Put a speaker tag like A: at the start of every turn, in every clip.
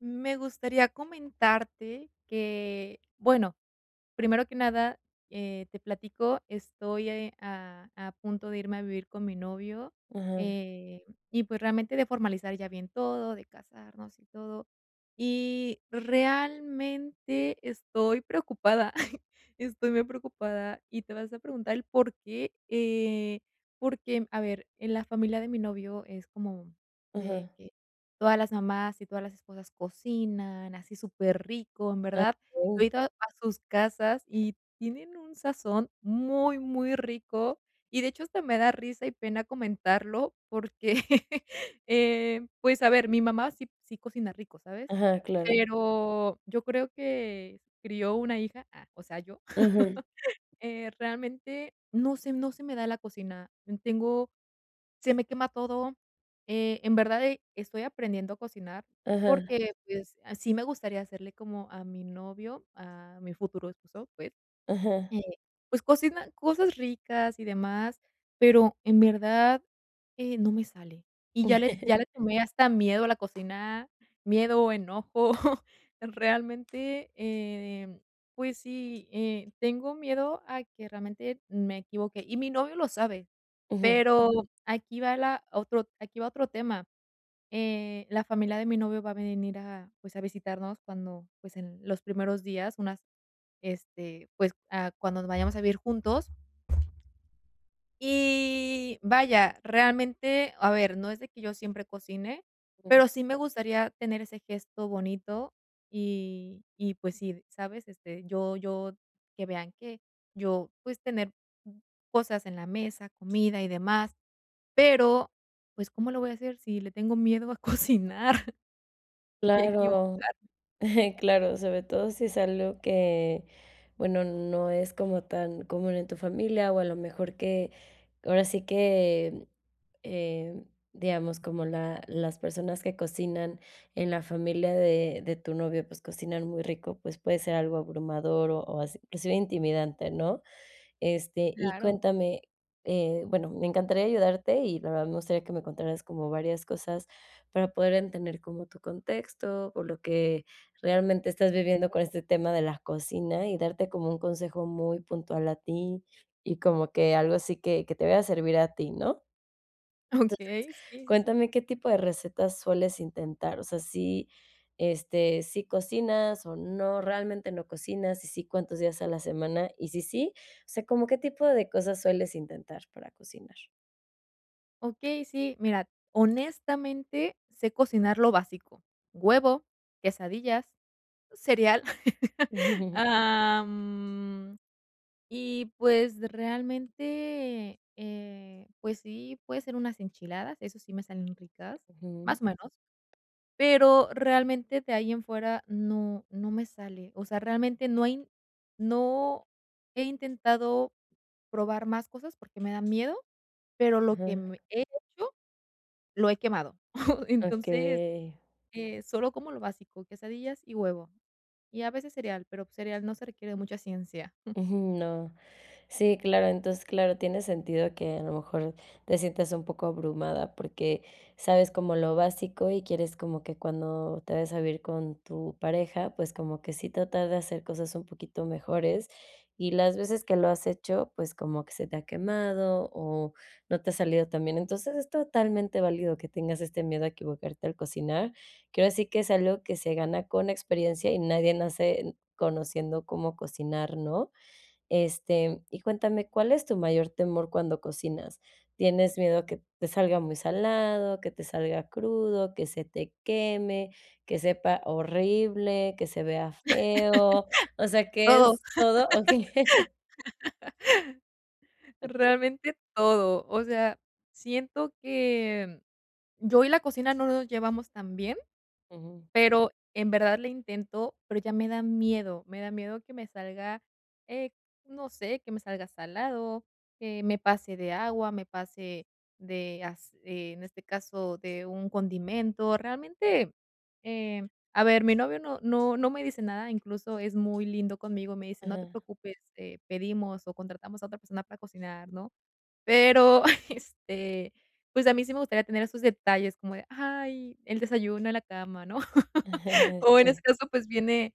A: Me gustaría comentarte que bueno, primero que nada, eh, te platico. Estoy, eh, a a punto de irme a vivir con mi novio,
B: Ajá.
A: eh, y pues realmente de formalizar ya bien todo, de casarnos y todo. Y realmente estoy preocupada. Estoy muy preocupada y te vas a preguntar el porqué, eh, porque, a ver, en la familia de mi novio es como de
B: Ajá.
A: que todas las mamás y todas las esposas cocinan así superrico. En
B: Ah,
A: verdad. Yo he
B: okey.
A: ido a sus casas y tienen un sazón muy, muy rico y, de hecho, hasta me da risa y pena comentarlo porque, eh, pues a ver, mi mamá sí, sí cocina rico, ¿sabes?
B: Ajá, claro.
A: Pero yo creo que crío una hija, ah, o sea, yo.
B: Ajá.
A: Eh, realmente no sé, no se me da la cocina. Tengo, se me quema todo. Eh, en verdad, e estoy aprendiendo a cocinar
B: Ajá.
A: porque, pues, sí me gustaría hacerle, como a mi novio, a mi futuro esposo, pues,
B: Ajá.
A: eh, pues, cocina cosas ricas y demás, pero en verdad, eh, no me sale y ya le ya le tomé hasta miedo a la cocina. Miedo, enojo. Realmente, eh, pues sí, eh, tengo miedo a que realmente me equivoqué y mi novio lo sabe.
B: Ujú.
A: Pero aquí va la otro aquí va otro tema, eh, la familia de mi novio va a venir a, pues, a visitarnos cuando, pues, en los primeros días, unas este, pues, ah, cuando nos vayamos a vivir juntos. Y vaya, realmente, a ver, no es de que yo siempre cocine, pero sí me gustaría tener ese gesto bonito y y, pues sí, ¿sabes? Este, yo yo que vean que yo pues, tener cosas en la mesa, comida y demás. Pero, pues, ¿cómo lo voy a hacer si le tengo miedo a cocinar? Y
B: Claro.
A: equivocar
B: Claro, sobre todo si es algo que, bueno, no es como tan común en tu familia o a lo mejor que, ahora sí que, eh, digamos, como la las personas que cocinan en la familia de de tu novio, pues cocinan muy rico, pues puede ser algo abrumador o así, inclusive intimidante, ¿no? Este, y
A: Claro.
B: cuéntame, eh, bueno, me encantaría ayudarte y la verdad me gustaría que me contaras como varias cosas para poder entender como tu contexto o lo que realmente estás viviendo con este tema de la cocina y darte como un consejo muy puntual a ti y como que algo así que que te vaya a servir a ti, ¿no? Entonces,
A: Okey. Sí, sí, sí.
B: cuéntame qué tipo de recetas sueles intentar, o sea, sí, este, ¿sí cocinas o no, realmente no cocinas? Si si, ¿cuántos días a la semana? Y si sí, o sea, ¿cómo qué tipo de cosas sueles intentar para cocinar?
A: Okey, sí, mira, honestamente sé cocinar lo básico. Huevo, quesadillas, cereal, am, y pues, realmente, eh, pues sí, puede ser unas enchiladas, eso sí me salen ricas,
B: Ujú.
A: más o menos. Pero, realmente, de ahí en fuera no no me sale. O sea, realmente no hay no he intentado probar más cosas, porque, me da miedo, pero lo que
B: Ajá.
A: me he hecho, lo he quemado. Entonces,
B: Okey.
A: eh, solo como lo básico, quesadillas y huevo, y a veces cereal, pero, pues cereal no se requiere de mucha ciencia, jum.
B: Ujú, no. Sí, claro. Entonces, claro, tiene sentido que a lo mejor, te sientas un poco abrumada, porque, sabes como lo básico, y quieres como que, cuando te vayas a vivir con tu pareja, pues, como que, sí tratar de hacer cosas un poquito mejores. Y las veces que lo has hecho, pues, como que se te ha quemado, o no te ha salido tan bien. Entonces, es totalmente válido que tengas este miedo a equivocarte al cocinar. Que ahora sí, que es algo que se gana con experiencia, y nadie nace conociendo cómo cocinar, ¿no? Este, y cuéntame, ¿cuál es tu mayor temor cuando cocinas? ¿Tienes miedo que te salga muy salado, que te salga crudo, que se te queme, que sepa horrible, que se vea feo? O sea, que
A: Todo.
B: es todo, ¿o qué? Okey.
A: Realmente todo. O sea, siento que, mm, yo y la cocina no nos llevamos tan bien.
B: Ujú.
A: Pero, en verdad le intento, pero, ya me da miedo. Me da miedo, que me salga, eh, no sé, que me salga salado, que me pase de agua, me pase de as eh, en este caso de un condimento. Realmente, eh, a ver, mi novio, no no no me dice nada. Incluso es muy lindo conmigo, me dice, no te
B: Ajá.
A: preocupes, eh, pedimos o contratamos a otra persona para cocinar, ¿no? Pero, este, pues a mí sí me gustaría tener esos detalles como de: "Ay, el desayuno en la cama", ¿no? O, en ese
B: Sí.
A: caso, pues viene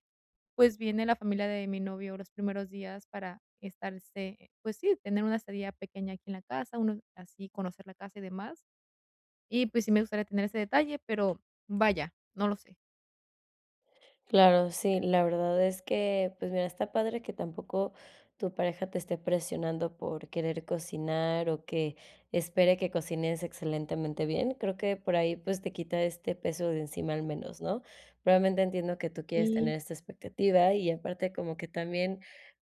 A: pues viene la familia de mi novio los primeros días, para estarse, pues sí, tener una estadía pequeña aquí en la casa, uno, así conocer la casa y demás. Y pues, sí me gustaría tener ese detalle, pero, vaya, no lo sé.
B: Claro. Sí, la verdad es que, pues, mira, está padre que tampoco tu pareja te esté presionando por querer cocinar, o que espere que cocines excelentemente bien, creo que por ahí, pues, te quita este peso de encima al menos, ¿no? Realmente entiendo que tú quieres tener
A: Sí.
B: esta expectativa y aparte, como que también,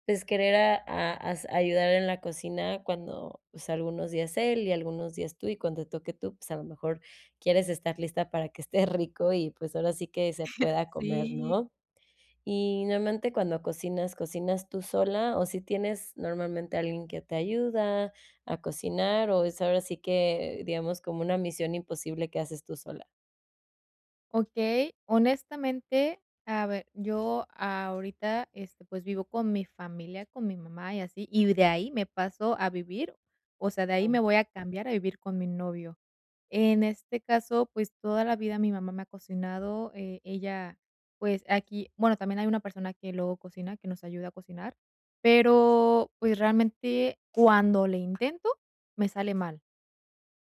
B: pues, querer a a as ayudar en la cocina cuando, pues, algunos días él, y algunos días tú, y cuando toque tú, pues, a lo mejor quieres estar lista para que esté rico y, pues, ahora sí que se pueda comer,
A: Sí.
B: ¿no? Y normalmente cuando cocinas, ¿cocinas tú sola o si tienes normalmente alguien que te ayuda a cocinar, o es ahora sí que digamos, como una misión imposible que haces tú sola?
A: Okey, honestamente, a ver, yo ahorita este, pues, vivo con mi familia, con mi mamá y así, y de ahí me paso a vivir o sea, de ahí me voy a cambiar a vivir con mi novio. En este caso, pues, toda la vida mi mamá me ha cocinado, eh, ella, pues aquí, bueno, también hay una persona que luego cocina, que nos ayuda a cocinar, pero, pues, realmente cuando le intento, me sale mal,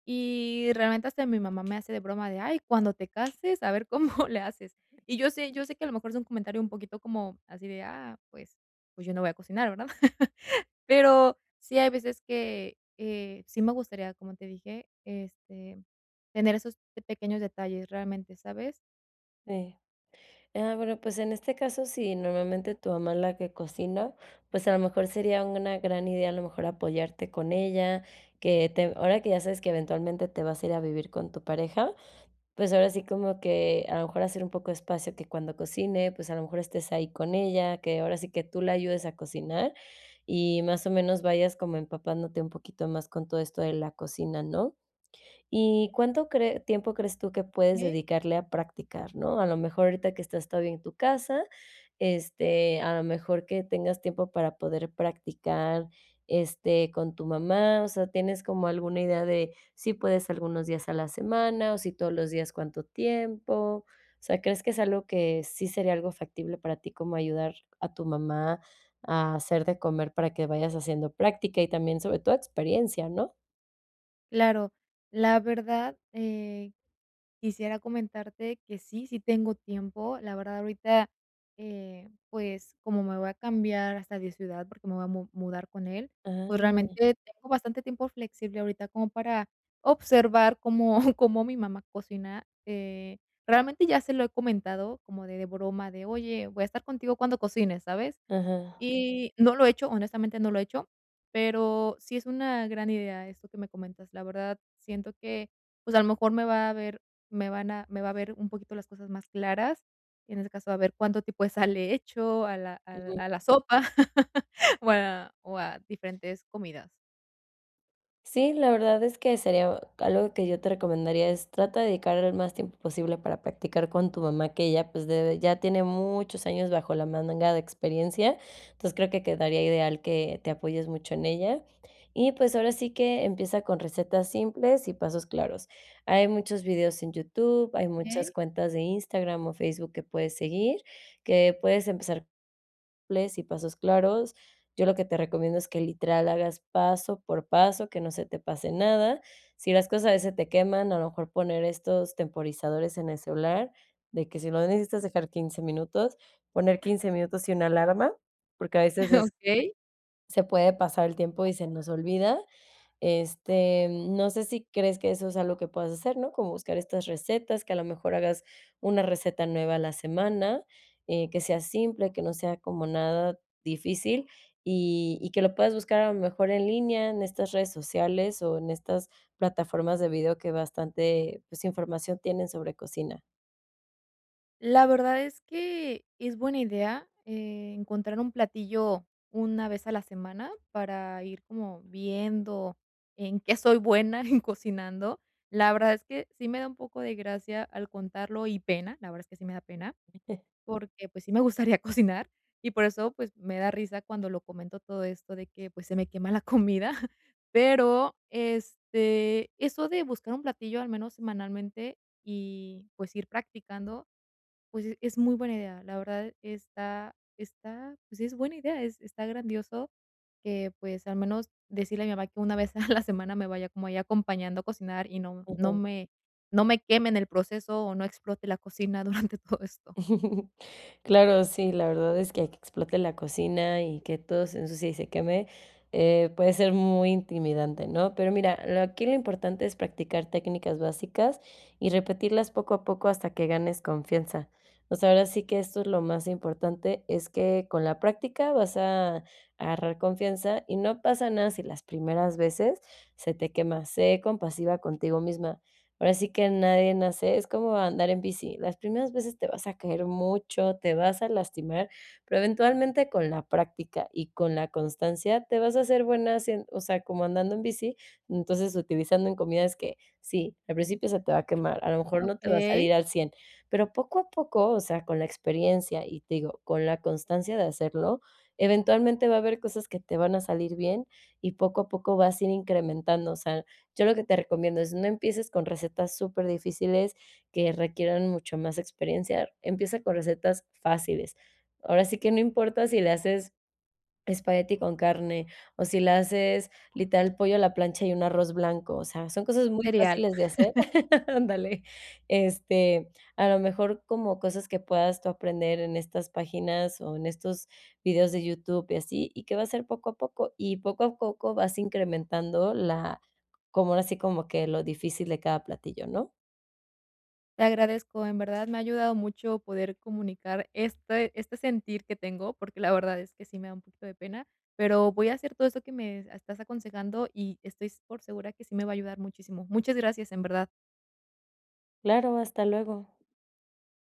A: y realmente hasta mi mamá me hace de broma de: "Ay, cuando te cases a ver cómo le haces", y yo sé yo sé que a lo mejor es un comentario un poquito como así de ah, pues, pues, yo no voy a cocinar, ¿verdad? Pero, sí hay veces que, eh, sí me gustaría, como te dije, este, tener esos pequeños detalles realmente, ¿sabes?
B: Sí, ah, bueno, pues, en este caso, si normalmente tu mamá es la que cocina, pues, a lo mejor sería una gran idea, a lo mejor apoyarte con ella que te ahora que ya sabes que eventualmente te vas a ir a vivir con tu pareja, pues, ahora sí, como que a lo mejor hacer un poco de espacio que cuando cocine, pues, a lo mejor estés ahí con ella, que ahora sí que tú le ayudes a cocinar y más o menos vayas como empapándote un poquito más con todo esto de la cocina, ¿no?, ¿y cuánto cree tiempo crees tú que puedes
A: Okey.
B: dedicarle a practicar?, ¿no?, a lo mejor ahorita que estás todavía en tu casa, este, a lo mejor que tengas tiempo para poder practicar, este, con tu mamá, o sea, ¿tienes como alguna idea de, si puedes algunos días a la semana o si todos los días cuánto tiempo?, o sea, ¿crees que es algo que sí sería algo factible para ti como ayudar a tu mamá a hacer de comer para que vayas haciendo práctica y también sobre toda experiencia?, ¿no?
A: Claro, la verdad, eh, quisiera comentarte que sí, si tengo tiempo, la verdad ahorita, eh, pues, como me voy a cambiar hasta de ciudad porque me voy a mu mudar con él, pues
B: Ah.
A: realmente tengo bastante tiempo flexible ahorita como para observar cómo cómo mi mamá cocina, eh, realmente ya se lo he comentado como de de broma de: "Oye, voy a estar contigo cuando cocines, ¿sabes?",
B: Ajá.
A: y no lo he hecho, honestamente, no lo he hecho, pero sí es una gran idea esto que me comentas, la verdad, siento que, pues, a lo mejor me va a ver me van a me va a ver un poquito las cosas más claras y en ese caso, a ver cuánto tipo de sal le hecho a la al
B: Ujú.
A: a la sopa o a o a diferentes comidas.
B: Sí, la verdad es que sería algo que yo te recomendaría es, trata de dedicar el más tiempo posible para practicar con tu mamá que ella pues debe ya tiene muchos años bajo la manga de experiencia, entonces creo que quedaría ideal que te apoyes mucho en ella y pues ahora sí que empieza con recetas simples y pasos claros, hay muchos videos en YouTube, hay muchas
A: Okey.
B: cuentas de Instagram o Facebook que puedes seguir, que puedes empezar, ples y pasos claros, yo lo que te recomiendo es que literal hagas paso por paso que no se te pase nada, si las cosas a veces se te queman, a lo mejor poner estos temporizadores en el celular de que si lo necesitas dejar 15 minutos, poner 15 minutos y una alarma porque a veces es
A: Okey.
B: se puede pasar el tiempo y se nos olvida, este, no sé si crees que eso es algo que puedas hacer, ¿no?, como buscar estas recetas que a lo mejor hagas una receta nueva a la semana, eh, que sea simple, que no sea como nada difícil y y que lo puedas buscar a lo mejor en línea en estas redes sociales o en estas plataformas de video que bastante, pues información tienen sobre cocina.
A: La verdad es que es buena idea, eh, encontrar un platillo una vez a la semana para ir como viendo en qué soy buena en cocinando, la verdad es que sí me da un poco de gracia al contarlo y pena, la verdad es que sí me da pena, porque pues sí me gustaría cocinar y por eso pues me da risa cuando lo comento todo esto de que pues se me quema la comida, pero, este, eso de buscar un platillo al menos semanalmente y pues ir practicando, pues es muy buena idea, la verdad está está pues es buena idea, es está grandioso que pues al menos decirle a mi mamá que una vez a la semana me vaya como ahí acompañando a cocinar y no no
B: Ujú.
A: me no me queme en el proceso o no explote la cocina durante todo esto.
B: Claro, sí, la verdad es que ahí que explote la cocina y que todo se ensucie y se queme, eh, puede ser muy intimidante, ¿no?, pero mira, lo aquí lo importante es practicar técnicas básicas y repetirlas poco a poco hasta que ganes confianza, o sea, ahora sí que esto es lo más importante, es que con la práctica vas a agarrar confianza y no pasa nada si las primeras veces se te quema, sé compasiva contigo misma, ahora sí que nadie nace es como andar en bici, las primeras veces te vas a caer mucho, te vas a lastimar, pero eventualmente con la práctica y con la constancia, te vas a hacer buena haciendo o sea, como andando en bici, entonces utilizando en comidas que sí, al principio se te va a quemar, a lo mejor no te va a
A: Okey.
B: salir al 100, pero poco a poco, o sea, con la experiencia y, te digo, con la constancia de hacerlo eventualmente va a haber cosas que te van a salir bien y poco a poco vas a ir incrementando, o sea, yo lo que te recomiendo es no empieces con recetas súper difíciles que requieran mucho más experiencia, empieza con recetas fáciles, ahora sí que no importa si le haces, espagueti con carne o si le haces literal pollo a la plancha y un arroz blanco, o sea, son cosas muy
A: Cereal.
B: fáciles de hacer, ándale, este a lo mejor como cosas que puedas tú aprender en estas páginas o en estos vídeos de YouTube y así y que va a ser poco a poco y poco a poco vas incrementando la como, ahora si, como que lo difícil de cada platillo, ¿no?
A: Te agradezco, en verdad me ha ayudado mucho poder comunicar este este sentir que tengo porque la verdad es que sí me da un poquito de pena, pero voy a hacer todo esto que me estás aconsejando y estoy s por segura que sí me va a ayudar muchísimo, muchas gracias, en verdad.
B: Claro, hasta luego.